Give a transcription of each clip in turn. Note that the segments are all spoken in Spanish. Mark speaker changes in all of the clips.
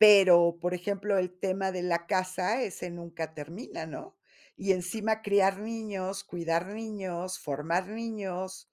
Speaker 1: Pero, por ejemplo, el tema de la casa, ese nunca termina, ¿no? Y encima criar niños, cuidar niños, formar niños.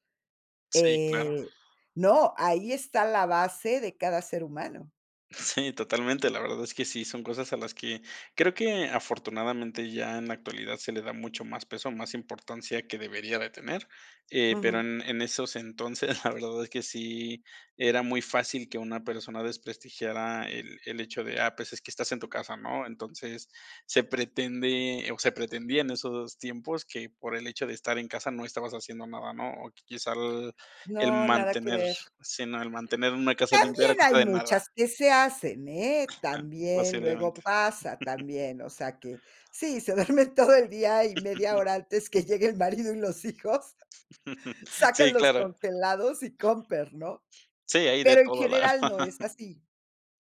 Speaker 2: Sí, claro.
Speaker 1: Eh no, ahí está la base de cada ser humano.
Speaker 2: Sí, totalmente, la verdad es que sí. Son cosas a las que creo que afortunadamente, ya en la actualidad, se le da mucho más peso, más importancia, que debería de tener. Eh, pero
Speaker 1: Ujú.
Speaker 2: en en esos entonces, la verdad es que sí era muy fácil que una persona desprestigiara el el hecho de: "Ah, pues, es que estás en tu casa", ¿no? Entonces, se pretende, o, se pretendía en esos tiempos que, por el hecho de estar en casa, no estabas haciendo nada, ¿no? O, que quizá el el
Speaker 1: No, nada que
Speaker 2: mantener
Speaker 1: ver.
Speaker 2: sí, no, el mantener una casa limpia era a
Speaker 1: También hay
Speaker 2: costa de nada.
Speaker 1: muchas que se hacen, ¿eh?
Speaker 2: Ajá,
Speaker 1: También, luego
Speaker 2: posiblemente.
Speaker 1: pasa, también. O sea, que sí, se duerme todo el día, y media hora antes que llegue el marido y los hijos, sacan
Speaker 2: Sí,
Speaker 1: los
Speaker 2: claro.
Speaker 1: congelados y con permiso, ¿no?
Speaker 2: Sí, hay de
Speaker 1: Pero en
Speaker 2: todo la
Speaker 1: general
Speaker 2: verdad.
Speaker 1: no es así.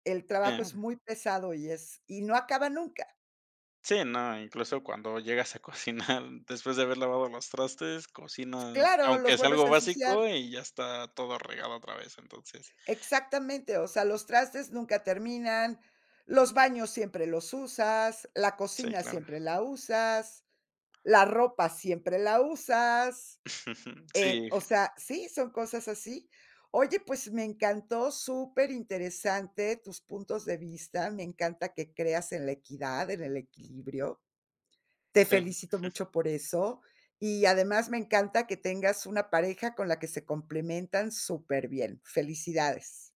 Speaker 1: El trabajo es
Speaker 2: Ya.
Speaker 1: muy pesado, y es y no acaba nunca.
Speaker 2: Sí. No, incluso cuando llegas a cocinar después de haber lavado los trastes, cocinas
Speaker 1: Claro, los
Speaker 2: aunque sea
Speaker 1: vuelves
Speaker 2: algo
Speaker 1: a ensuciar.
Speaker 2: básico, y ya está todo regado otra vez, entonces
Speaker 1: Exactamente, o sea, los trastes nunca terminan, los baños siempre los usas, la
Speaker 2: Sí,
Speaker 1: cocina
Speaker 2: claro.
Speaker 1: siempre la usas, la ropa siempre la usas. Eh,
Speaker 2: Sí,
Speaker 1: o
Speaker 2: fíja
Speaker 1: sea, sí, son cosas así. Oye, pues me encantó, superinteresante tus puntos de vista. Me encanta que creas en la equidad, en el equilibrio. Te
Speaker 2: Sí.
Speaker 1: felicito mucho por eso. Y, además, me encanta que tengas una pareja con la que se complementan superbién. Felicidades.